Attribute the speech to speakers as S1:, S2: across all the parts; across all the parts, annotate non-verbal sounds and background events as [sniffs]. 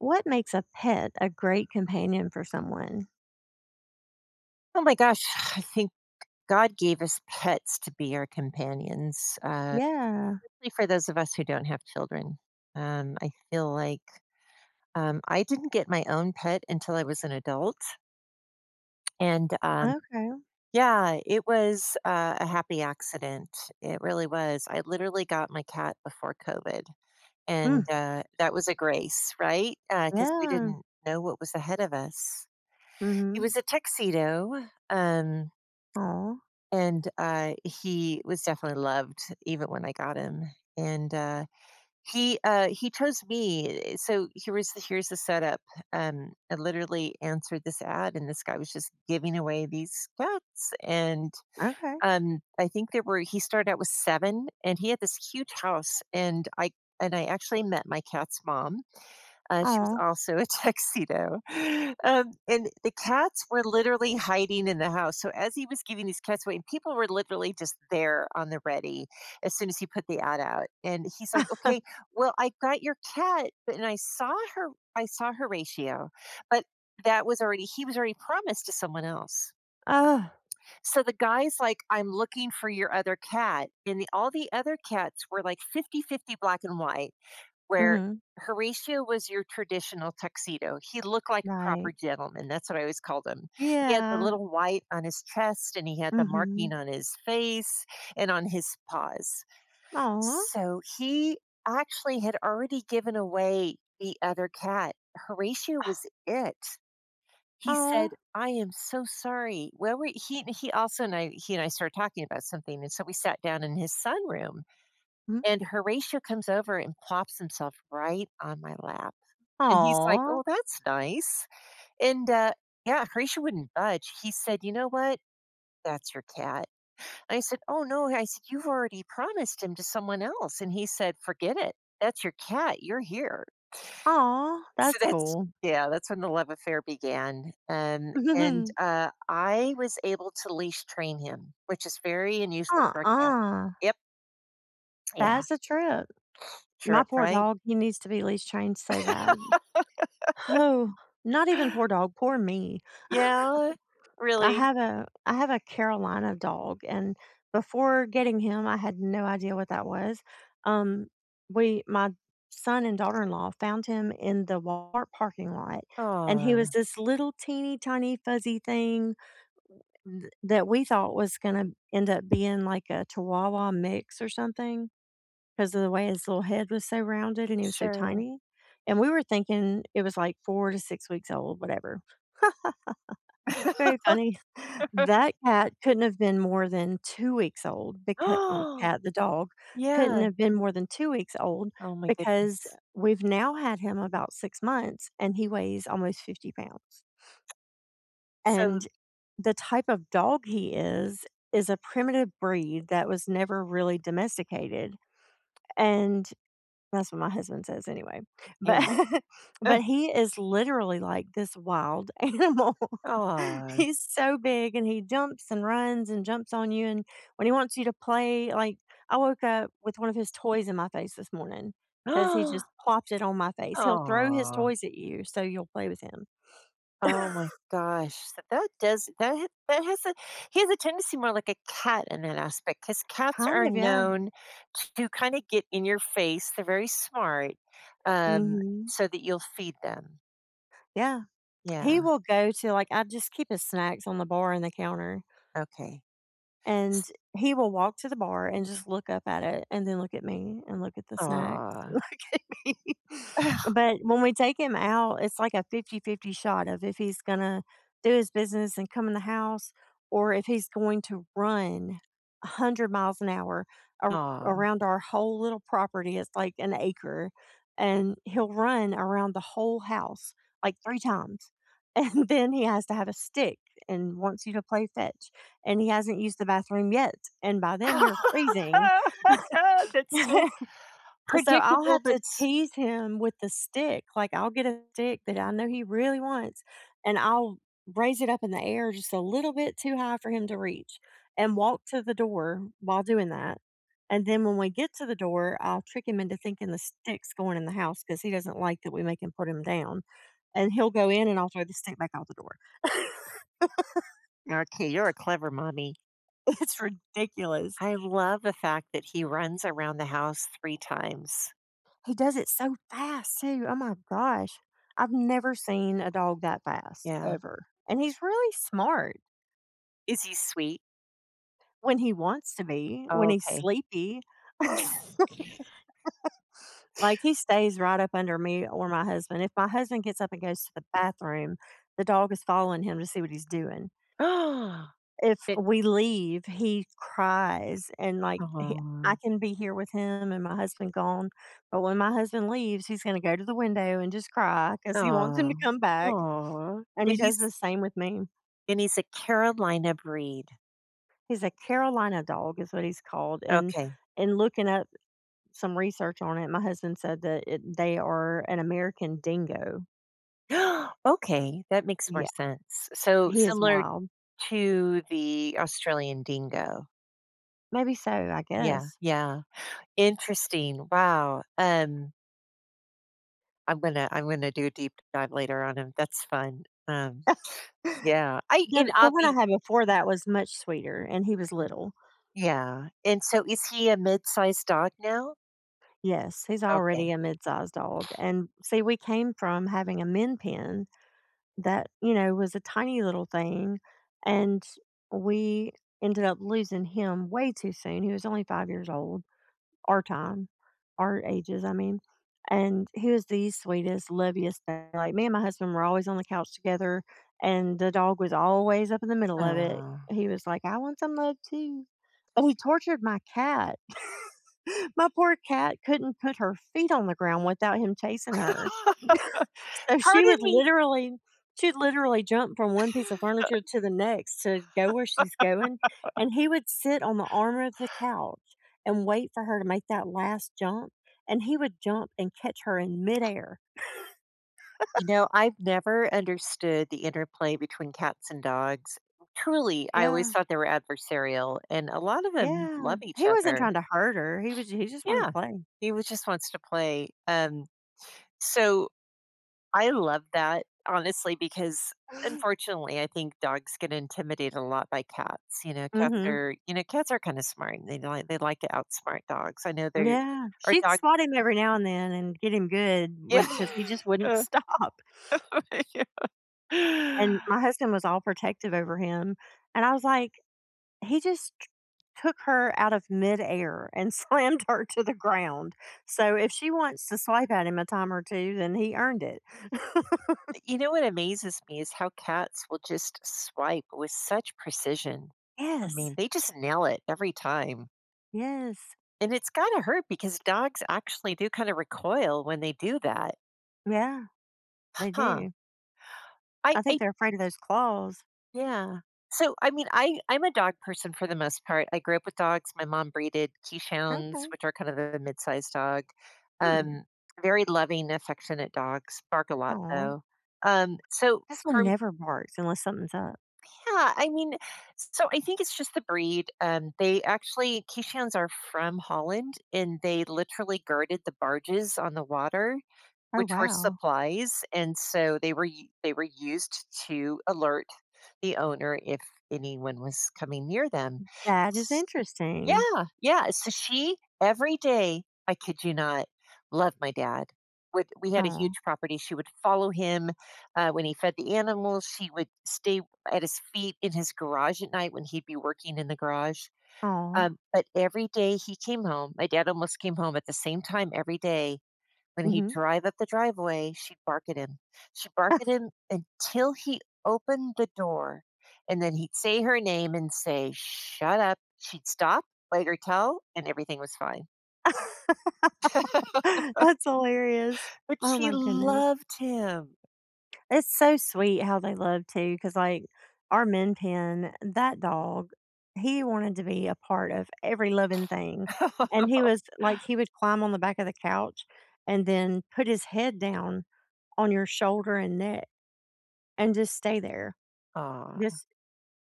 S1: What makes a pet a great companion for someone?
S2: Oh my gosh, I think God gave us pets to be our companions, uh,
S1: Yeah.
S2: especially for those of us who don't have children, um, I feel like, um I didn't get my own pet until I was an adult and, um
S1: Okay.
S2: Yeah, it was, uh, a happy accident, it really was. I literally got my cat before COVID, and,
S1: Mm.
S2: uh, that was a grace, right? Uh, 'cause we
S1: Yeah.
S2: didn't know what was ahead of us. It
S1: Mhm.
S2: was a tuxedo, um
S1: Aw.
S2: and, I he was definitely loved, even when I got him. And, uh, he, uh he chose me, eh, so here was here's the setup. Um, I literally answered this ad, and this guy was just giving away these cats, and,
S1: Okay.
S2: um, I think there were he started out with 7, and he had this huge house, and I and I actually met my cat's mom, uh, she was
S1: Aw.
S2: also a tuxedo. Um, and the cats were literally hiding in the house, so, as he was giving these cats away and people were literally just there on the ready as soon as he put the ad out, and he's like,
S1: [chuckles]
S2: "Okay, well, I got your cat," but and I saw Hor I saw Horatio, but that was already he was already promised to someone else.
S1: Ugh.
S2: So, the guy's like, "I'm looking for your other cat," and the all the other cats were, like, 50/50 black and white, where
S1: Mhm.
S2: Horatio was your traditional tuxedo. He looked like a
S1: Right.
S2: proper gentleman. That's what I always called him. He had the
S1: Yeah.
S2: little white on his chest, and he had the marking
S1: Mhm.
S2: on his face and on his paws.
S1: Aw.
S2: So, he actually had already given away the other cat, Horatio was
S1: [scoffs]
S2: it. He said,
S1: Aw.
S2: "I am so sorry. Where were" he he also and I he and I started talking about something, and so we sat down in his sunroom,
S1: Mm.
S2: and Horatio comes over and plops himself right on my lap, and he's like,
S1: Aw.
S2: "Oh, that's nice." And, uh Yeah, Horatio wouldn't budge. He said, "You know what? That's your cat." I said, "Oh, no." I said, "You've already promised him to someone else." And he said, "Forget it. That's your cat. You're here."
S1: Aw,
S2: So
S1: that's
S2: that's
S1: cool.
S2: Yeah, that's when the love affair began, and and,
S1: [giggles]
S2: uh, I was able to leash train him, which is very unusual for a cat.
S1: Uh-uh.
S2: Yep. Yeah.
S1: That's a trip.
S2: [sniffs]
S1: My
S2: Trip,
S1: poor
S2: right?
S1: dog, he needs to be leash trained so bad. [sighs]
S2: [laughs]
S1: Not even poor dog, poor me. [laughs]
S2: Yeah.
S1: I
S2: Really.
S1: have a I have a Carolina dog, and before getting him, I had no idea what that was, um, we my son and daughter-in-law found him in the Walmart parking lot, and he was
S2: Aw.
S1: this little, teeny, tiny, fuzzy thing th that we thought was gonna end up being like a chihuahua mix or something, 'cause of the way his little head was so rounded and he was so
S2: Sure.
S1: tiny, and we were thinking it was, like, 4 to 6 weeks old, whatever. [laughs] Very funny.
S2: [laughs]
S1: That cat couldn't have been more than 2 weeks old becau or
S2: [gasps]
S1: "cat," the dog couldn't
S2: Yeah.
S1: have been more than 2 weeks old
S2: Oh my
S1: because,
S2: goodness.
S1: we've now had him about 6 months, and he weighs almost 50 pounds.
S2: So
S1: And the type of dog he is is a primitive breed that was never really domesticated, and- that's what my husband says anyway- but
S2: Yeah.
S1: but
S2: [chuckles]
S1: he is literally like this wild animal.
S2: Aw.
S1: He's so big, and he jumps, and runs, and jumps on you, and when he wants you to play, like, I woke up with one of his toys in my face this morning, 'cause he just
S2: [gasps]
S1: plopped it on my face. He'll throw his
S2: Aw.
S1: toys at you so you'll play with him.
S2: Oh my
S1: [coughs]
S2: gosh, so that does that ha that has a he has a tendency more like a cat in that aspect 'cause cats
S1: Kind
S2: are
S1: of, yeah.
S2: known to kinda get in your face- they're very smart- um,
S1: Mhm.
S2: so that you'll feed them.
S1: Yeah. He
S2: Yeah.
S1: will go to, like I just keep his snacks on the bar and the counter
S2: Okay.
S1: and
S2: S
S1: he will walk to the bar and just look up at it and then look at me and look at the snacks,
S2: Aw.
S1: look at me.
S2: [chuckles]
S1: But when we take him out, it's like a 50/50 shot of if he's gonna do his business and come in the house or if he's going to run 100 miles an hour ar
S2: Aw.
S1: around our whole little property- it's like an acre- and he'll run around the whole house, like, 3 times, and then he has to have a stick and wants you to play fetch, and he hasn't used the bathroom yet, and by then, you're freezing.
S2: [laughs] That's so
S1: [laughs] So, I'll
S2: predictable,
S1: have
S2: but
S1: to
S2: s
S1: tease him with the stick. Like, I'll get a stick that I know he really wants, and I'll raise it up in the air just a little bit too high for him to reach and walk to the door while doing that, and then when we get to the door, I'll trick him into thinking the stick's going in the house 'cause he doesn't like that we make him put 'em down, and he'll go in, and I'll throw the stick back out the door. [laughs]
S2: Okay, you're a clever mommy.
S1: It's ridiculous.
S2: I love the fact that he runs around the house 3 times.
S1: He does it so fast too, oh my gosh. I've never seen a dog that fast,
S2: Yeah.
S1: ever, and he's really smart.
S2: Is he sweet?
S1: When he wants to be,
S2: Oh,
S1: when he's
S2: okay.
S1: sleepy. [laughs]
S2: [unintelligible]
S1: Like, he stays right up under me or my husband, if my husband gets up and goes to the bathroom, the dog is following him to see what he's doing.
S2: [gasps]
S1: If
S2: It
S1: we leave, he cries and, like, he
S2: Aw.
S1: I can be here with him and my husband gone, but when my husband leaves, he's gonna go to the window and just cry 'cause he wants him
S2: Aw.
S1: to come back,
S2: Aw,
S1: and
S2: but
S1: he does
S2: he's
S1: the same with me.
S2: and he's a Carolina breed.
S1: He's a Carolina dog is what he's called, and
S2: Okay.
S1: and looking at some research on it, my husband said that it they are an American Dingo.
S2: [gasps] Okay, that makes more
S1: Yeah.
S2: sense. So,
S1: He is
S2: similar
S1: wild.
S2: to the Australian Dingo.
S1: Maybe so, I
S2: Yeah.
S1: guess.
S2: Yeah. Interesting. Wow, um I'm gonna I wanna do a deep dive later on him. That's fun. Um,
S1: [laughs]
S2: yeah. I and
S1: The the
S2: I'll
S1: one I
S2: be
S1: had before that was much sweeter, and he
S2: Mhm.
S1: was little.
S2: Yeah. And so is he a midsized dog now?
S1: Yes, he's
S2: Okay.
S1: already a midsized dog. And, see, we came from having a Min Pin that, you know, was a tiny little thing, and we ended up losing him way too soon. He was only 5 years old, our time, our ages, I mean. And he was the sweetest, loviest thing. Like, me and my husband were always on the couch together, and the dog was always up in the middle of it.
S2: Aw.
S1: He was like, "I want some love too." Oh, he tortured my cat. [laughs] My poor cat couldn't put her feet on the ground without him chasing her. [laughs]
S2: [laughs]
S1: So she
S2: "Pardon
S1: would
S2: me."
S1: literally she'd literally jump from one piece of furniture
S2: [chuckles]
S1: to the next to go where she's going, and he would sit on the arm of the
S2: [laughs]
S1: couch and wait for her to make that last jump, and he would jump and catch her in midair.
S2: You know,
S1: [laughs]
S2: I've never understood the interplay between cats and dogs. Truly, I always
S1: Yeah.
S2: thought they were adversarial, and a lot of them
S1: Yeah.
S2: love each
S1: He wasn't
S2: other.
S1: trying to hurt her, he was he just wanted to
S2: Yeah.
S1: play.
S2: He was just wants to play. Um, so, I love that, honestly, because,
S1: [chuckles]
S2: unfortunately, I think dogs get intimidated a lot by cats. You know, cats
S1: Mhm.
S2: are you know, cats are kinda smart, they know they like to outsmart dogs, I know they're
S1: Yeah.
S2: our
S1: She'd
S2: dog
S1: swat him every now and then and get him good when
S2: Yeah.
S1: 'cause he just wouldn't
S2: [laughs]
S1: stop. And
S2: Yeah.
S1: my husband was all protective over him. And I was like, "He just ch took her out of midair and slammed her to the ground," so if she wants to swipe at him a time or two, then he earned it. [laughs]
S2: Y you know what amazes me is how cats will just swipe with such precision. I mean,
S1: Yes.
S2: they just nail it every time.
S1: Yes.
S2: And it's gotta hurt because dogs actually do kinda recoil when they do that.
S1: Yeah. They
S2: Huh.
S1: do.
S2: I
S1: I think
S2: I
S1: they're afraid of those claws.
S2: Yeah. So, I mean, I I'm a dog person for the most part, I grew up with dogs, my mom breeded Keeshonds,
S1: Okay.
S2: which are kind of a mid-sized dog.
S1: Hmm.
S2: Um, very loving, affectionate dogs, bark a lot,
S1: Aw.
S2: though. Um, so,
S1: This one
S2: from
S1: never barks unless something's up.
S2: Yeah, I mean s so, I think it's just the breed, um, they actually Keeshonds are from Holland, and they literally guarded the barges on the water,
S1: Oh
S2: which were
S1: wow.
S2: supplies, and so, they were u they were used to alert the owner if anyone was coming near them.
S1: That is
S2: S
S1: interesting.
S2: Yeah, yeah. So she- every day, I kid you not, love my dad- would we had a huge
S1: Aw.
S2: property- she would follow him, uh, when he fed the animals, she would stay at his feet in his garage at night when he'd be working in the garage.
S1: Aw.
S2: Um, but every day he came home- my dad almost came home at the same time every day- when he'd
S1: Mhm.
S2: drive up the driveway, she'd bark at him. She'd bark at
S1: [laughs]
S2: him until he opened the door, and then he'd say her name and say, "Shut up," she'd stop, bite her toe, and everything was fine.
S1: [laughs]
S2: [laughs]
S1: That's hilarious.
S2: But
S1: Oh
S2: she
S1: my goodness.
S2: loved him.
S1: It's so sweet how they love too, 'cause, like, our Min Pin, that dog, he wanted to be a part of every living thing. And he
S2: [laughs]
S1: was like, he would climb on the back of the couch, and then put his head down on your shoulder and neck, and just stay there.
S2: Aw.
S1: Just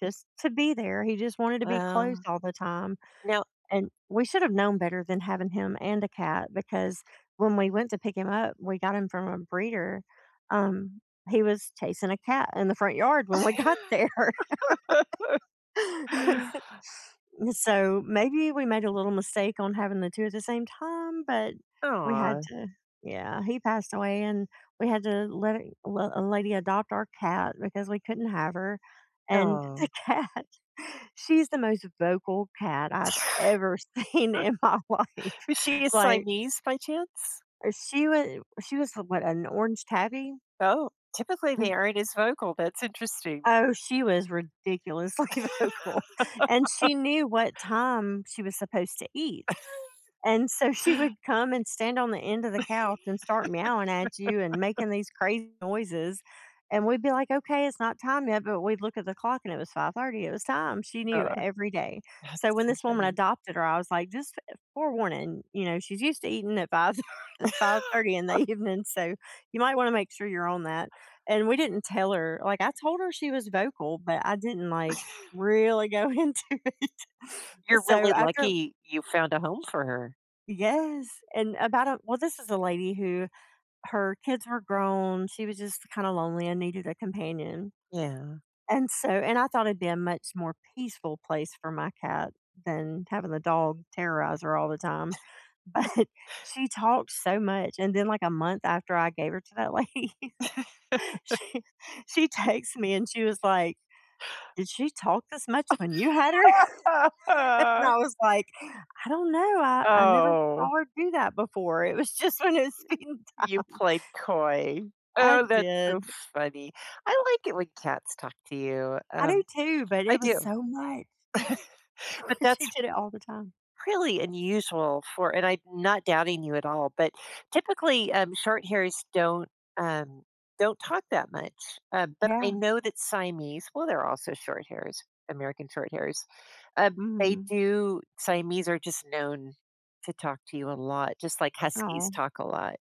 S1: just to be there, he just wanted to be close
S2: Well,
S1: all the time,
S2: now
S1: and we should've known better than having him and a cat, because when we went to pick him up- we got him from a breeder- um, he was chasing a cat in the front yard when we got there.
S2: [laughs]
S1: [laughs] So, maybe we made a little mistake on having the 2 at the same time, but we had
S2: Aw.
S1: to Yeah, he passed away, and we had a la a l a lady adopt our cat because we couldn't have her, and the
S2: Oh.
S1: cat, she's the most vocal cat I've ever seen in my life,
S2: [laughs] Is she a
S1: like
S2: Siamese by chance?
S1: Er, she wa she was a what, an orange tabby?
S2: Oh, typically, they
S1: [chuckles]
S2: aren't as vocal, that's interesting.
S1: Oh, she was ridiculously vocal, and
S2: [laughs]
S1: she knew what time she was supposed to eat,
S2: [laughs]
S1: and so she would come and stand on the end of the couch and start meowing at you and
S2: [laughs]
S1: making these crazy noises, and we'd be like, "Okay, it's not time yet," but we'd look at the clock and it was 5:30, it was time, she knew
S2: Uh.
S1: every day.
S2: That's
S1: So, when
S2: so
S1: this woman
S2: funny.
S1: adopted her, I was like, "Just, uh, forewarning," you know, "she's used to eating at 5 thir uh, 5:30 in the
S2: [laughs]
S1: evening, so, you might wanna make sure you're on that," and we didn't tell her like, I told her she was vocal, but I didn't, like,
S2: [laughs]
S1: really go into it. And
S2: You're
S1: so,
S2: really
S1: after
S2: lucky you found a home for her.
S1: Yes. And about a Well, this is a lady who her kids were grown, she was just kinda lonely and needed a companion.
S2: Yeah.
S1: And so and I thought it'd be a much more peaceful place for my cat than having the dog terrorize her all the time.
S2: [chuckles]
S1: But she talked so much, and then, like, a month after I gave her to that lady,
S2: [chuckles]
S1: she she texts me, and she was like,
S2: [inhales]
S1: "Did she talk this much when you had her?" [laughs] and
S2: [laughs]
S1: I was like, "I don't know, I I never
S2: Oh.
S1: saw her do that before, it was just when it was feeding
S2: You
S1: time."
S2: played coy.
S1: I
S2: Oh, that's so
S1: did.
S2: funny. I like it when cats talk to you,
S1: I do
S2: um
S1: too, but
S2: I
S1: it was
S2: do.
S1: so much.
S2: [chuckles]
S1: Well,
S2: But that's
S1: she did it all the time.
S2: really unusual for and I'm not doubting you at all, but, typically, um, shorthairs don't, um don't talk that much, um, but I
S1: Yeah.
S2: know that Siamese- well, they're also shorthairs, American Shorthairs- um, they
S1: Mm.
S2: do Siamese are just known to talk to you a lot, just like Huskies
S1: Oh.
S2: talk a lot.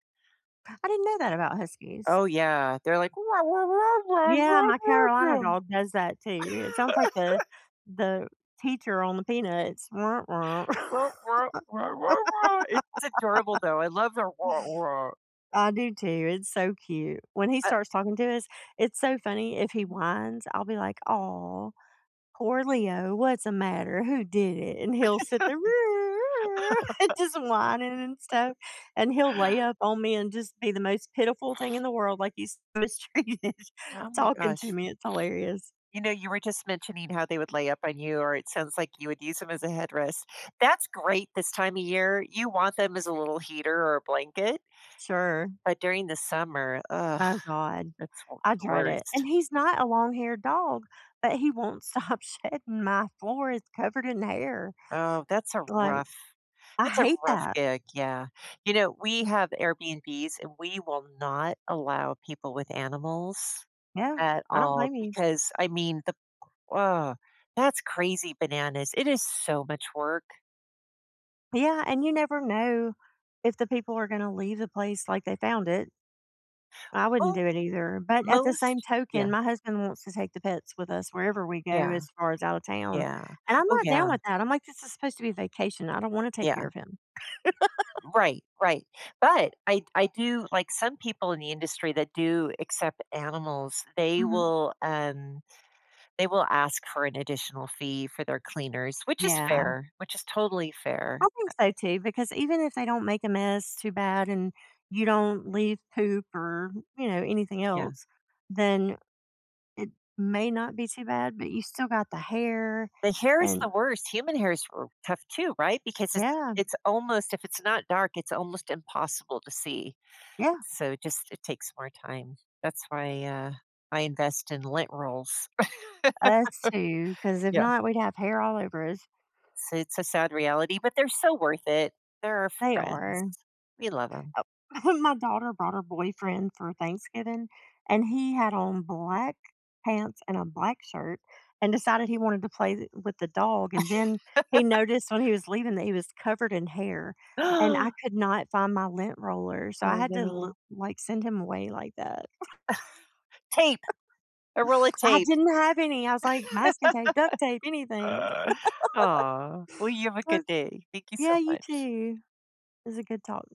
S1: I didn't know that about Huskies.
S2: Oh, yeah. They're like, "Ra, ra, ra, ra,
S1: Yeah,
S2: ra,
S1: my Carolina
S2: ra, ra."
S1: dog does that too. It sounds like the
S2: [laughs]
S1: the teacher on the Peanuts, "Wah, wah."
S2: "Ra, ra, ra, ra, ra." It's adorable,
S1: [laughs]
S2: though, I love their "ra, ra."
S1: I do too, it's so cute. When he
S2: Uh
S1: starts talking to us, it's so funny, if he whines, I'll be like, "Aw, poor Leo, what's a matter? Who did it?" and he'll sit there, [chuckles]
S2: [laughs]
S1: just whining and stuff,
S2: [chuckles]
S1: and he'll lay up on me, and just be the most pitiful thing
S2: [sniffs]
S1: in the world like he's mistreated
S2: Oh my
S1: talking to
S2: gosh. [sniffs]
S1: me, it's hilarious.
S2: You know, you were just mentioning how they would lay up on you, or it sounds like you would use 'em as a headrest. That's great this time of year, you want them as a little heater or a blanket
S1: Sure.
S2: but during the summer, ugh,
S1: Oh god.
S2: that's one of
S1: I
S2: the
S1: dread it.
S2: worst.
S1: And he's not a long-haired dog, but he won't stop shedding, my floor is covered in hair,
S2: Oh, that's a
S1: like
S2: rough
S1: I
S2: that's a
S1: hate
S2: rough
S1: that.
S2: gig, yeah. You know, we have Airbnb's, and we will not allow people with animals
S1: Yeah.
S2: at
S1: I don't
S2: all,
S1: blame you.
S2: because, I mean, the ugh, that's crazy bananas, it is so much work.
S1: Yeah, and you never know if the people are gonna leave the place like they found it. I wouldn't
S2: Well,
S1: do it either, but at the same
S2: most Yeah.
S1: token, my husband wants to take the pets with us wherever we go
S2: Yeah.
S1: as far as out of town,
S2: Yeah.
S1: and I'm
S2: Oh,
S1: not down
S2: yeah.
S1: with that. I'm like, "This is supposed to be a vacation. I don't wanna take
S2: Yeah.
S1: care of him." [laughs]
S2: Right, right, but I I do like, some people in the industry that do accept animals, they
S1: Mhm.
S2: will, um they will ask for an additional fee for their cleaners, which is
S1: Yeah.
S2: fair, which is totally fair.
S1: I
S2: Uh
S1: think so, too, because even if they don't make a mess too bad, and you don't leave poop or, you know, anything
S2: Yeah.
S1: else, then it may not be too bad, but you still got the hair
S2: The hair is
S1: and
S2: the worst. Human hair is r tough too, right? Because it's
S1: Yeah.
S2: it's almost if it's not dark, it's almost impossible to see.
S1: Yeah.
S2: So just it takes more time. That's why, uh, I invest in lint rolls.
S1: Us too,
S2: [laughs]
S1: 'cause if
S2: Yeah.
S1: not, we'd have hair all over us.
S2: So it's a sad reality, but they're so worth it. They're our
S1: They
S2: friends.
S1: are.
S2: We love 'em.
S1: Oh, [chuckles] my daughter brought her boyfriend for Thanksgiving, and he had on black pants and a black shirt, and decided he wanted to play the with the dog, and then he
S2: [laughs]
S1: noticed when he was leaving that he was covered in hair, and I
S2: [gasps]
S1: could not find my lint roller, so I
S2: Oh,
S1: had to, li
S2: no.
S1: like, send him away like that. [chuckles] S
S2: [laughs] Tape. A roll of
S1: [chuckles] I
S2: tape.
S1: didn't have any. I was like, "Masking tape, duct tape,
S2: [laughs]
S1: anything." [laughs]
S2: Aw. Well, you have a
S1: Oh
S2: good day. Thank you so
S1: Yeah, you
S2: much.
S1: too. It was a good talk.